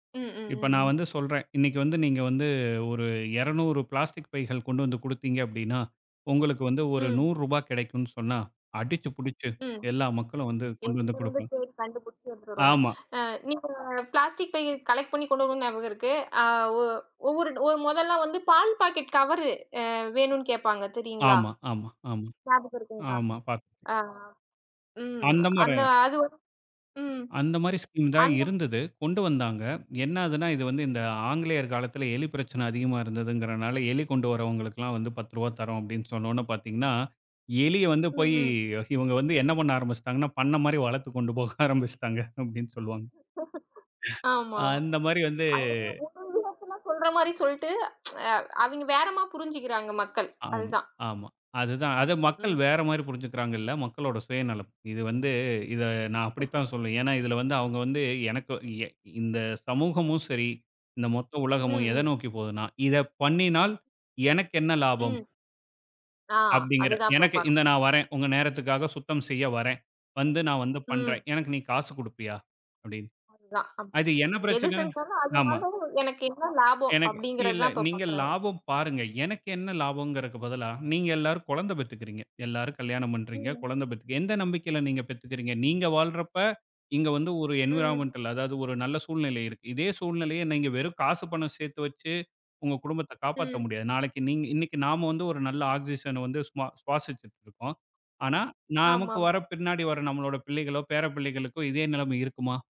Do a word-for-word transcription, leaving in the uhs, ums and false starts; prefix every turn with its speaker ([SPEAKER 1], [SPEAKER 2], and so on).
[SPEAKER 1] ம், ம்,
[SPEAKER 2] இப்ப நான்
[SPEAKER 1] ம்.
[SPEAKER 2] வந்து சொல்றன், 'இன்னைக்கு வந்து நீங்க வந்து, ஒரு இரநூறு பிளாஸ்டிக் பைகள் கொண்டு வந்து கொடுத்தீங்க அப்படின்னா, உங்களுக்கு வந்து ஒரு
[SPEAKER 1] ம்.
[SPEAKER 2] நூறு ரூபா கிடைக்கும்.' சொன்னா, அடிச்சு புடிச்சு
[SPEAKER 1] ம்.
[SPEAKER 2] எல்லா மக்களும் வந்து கொண்டு
[SPEAKER 1] எங்க
[SPEAKER 2] வந்து
[SPEAKER 1] இருந்து
[SPEAKER 2] கொடுப்போம்.
[SPEAKER 1] போய் கண்டுபிடிச்சு வந்துடுவாங்க.
[SPEAKER 2] ஆமா.
[SPEAKER 1] அ நீங்க ஒரு பிளாஸ்டிக் பைய கலெக்ட் பண்ணி கொண்டு வரும் நியாபகம் இருக்கு. அ ஒ ஒவ்வொரு ஓ முதல்ல வந்து பால் பாக்கெட் கவரு அ வேணும்னு கேப்பாங்க தெரியுங்களா,
[SPEAKER 2] ஆமா ஆமா ஆமா
[SPEAKER 1] நியாபகம் இருக்குங்களா?
[SPEAKER 2] ஆமா. பாத்து
[SPEAKER 1] அ, ம்
[SPEAKER 2] அந்த மார
[SPEAKER 1] அந்த அதுவும் ம்
[SPEAKER 2] அந்த மாரி, ஸ்கீம் தான்
[SPEAKER 1] அந்த
[SPEAKER 2] இருந்தது, கொண்டு வந்தாங்க.
[SPEAKER 1] ம்,
[SPEAKER 2] எனாதுன்னா, இது வந்து இந்த
[SPEAKER 1] ம்.
[SPEAKER 2] ஆங்கிலேயர் காலத்துல எலி பிரச்சனை அதிகமா இருந்ததுங்கறனால, எலி கொண்டு வரவங்களுக்கெல்லாம் வந்து, பத்து ரூபாய் தரோம் அப்படினு சொன்னவுடனே பாத்தீங்கன்னா, எலி வந்து
[SPEAKER 1] ம்,
[SPEAKER 2] போயி
[SPEAKER 1] ம்.
[SPEAKER 2] இவங்க வந்து என்ன பண்ண ஆரம்பிச்சுட்டாங்கனா! பண்ண மாரி வளர்த்து கொண்டு போக ஆரம்பிச்சுட்டாங்க, அப்படின்னு சொல்லுவாங்க.
[SPEAKER 1] ஆமா,
[SPEAKER 2] அந்த மாதிரி வந்து
[SPEAKER 1] ஒவ்வொரு விஷயத்துல சொல்ற மாரி சொல்லிட்டு, அ அவிங்க வேறமாரி புரிஞ்சுக்கிறாங்க மக்கள்.
[SPEAKER 2] ஆமா,
[SPEAKER 1] அதுதான்.
[SPEAKER 2] ஆமா. அது தான். அத மக்கள்
[SPEAKER 1] ம்.
[SPEAKER 2] வேற மாதிரி புரிஞ்சுக்கிறாங்க இல்ல, மக்களோட சுயநலம். இது வந்து இத நான் அப்படித்தான் சொல்வேன். ஏன்னா இதுல வந்து அவங்க வந்து எனக்கு எ இந்த சமூகமும் சரி, இந்த மொத்த
[SPEAKER 1] ம்,
[SPEAKER 2] உலகமும் எத
[SPEAKER 1] ம்.
[SPEAKER 2] நோக்கிப் போதுன்னா, "இத பண்ணினால் எனக்கு என்ன லாபம்?"
[SPEAKER 1] ம். ஆ!
[SPEAKER 2] அப்படிங்கற
[SPEAKER 1] அதுதான் இப்ப
[SPEAKER 2] எனக்கு இந்த
[SPEAKER 1] பார்க்குறாங்க.
[SPEAKER 2] நான் வரேன். உங்க நேரத்துக்காகச் சுத்தம் செய்ய வரேன். வந்து நான் வந்து
[SPEAKER 1] ம்.
[SPEAKER 2] பண்றேன். எனக்கு நீ காசு குடுப்பியா? அப்படின்னு.
[SPEAKER 1] அதுதான், ஆமா.
[SPEAKER 2] அது என்ன
[SPEAKER 1] "எது
[SPEAKER 2] பிரச்சனை
[SPEAKER 1] செஞ்சாலும்,
[SPEAKER 2] ஆமா.
[SPEAKER 1] அதுனால எனக்கு என்ன லாபம்?"
[SPEAKER 2] எனக்கு இல்ல
[SPEAKER 1] அப்படிங்கிறதுதான் இப்ப
[SPEAKER 2] நீங்க
[SPEAKER 1] பார்க்குறாங்க.
[SPEAKER 2] லாபம் பாருங்க. எனக்கு என்ன லாபம்ங்கறதுக்கு பதிலா, நீங்க எல்லாரும் குழந்தை பெத்துக்கிறீங்க, எல்லாரும் கல்யாணம் பண்றீங்க,
[SPEAKER 1] ம்.
[SPEAKER 2] குழந்தை பெத்துக்கறீங்க எந்த நம்பிக்கையில நீங்க பெத்துக்கிறீங்க? நீங்க வாழ்றப்ப இங்க வந்து ஒரு
[SPEAKER 1] ம்.
[SPEAKER 2] என்விரான்மென்டல் அதாவது ஒரு நல்ல சூழ்நிலை இருக்கு. இதே சூழ்நிலைய நீங்க வெறும் காசு பணம் சேர்த்து வச்சு உங்க குடும்பத்தைக் காப்பாத்த
[SPEAKER 1] ம்.
[SPEAKER 2] முடியாது. நாளைக்கு நீங்க இன்னைக்கு நாம ஒரு நல்ல ஆக்ஸ்சிசன் வந்து சுமா சுவாசிச்சிட்டு இருக்கோம். ஆனா, நமக்கு வர
[SPEAKER 1] ஆமாமா!
[SPEAKER 2] பின்னாடி வர நம்மளோட பிள்ளைகளோ, பேரப்பிள்ளைகளுக்கும் இதே நிலைமை இருக்குமா?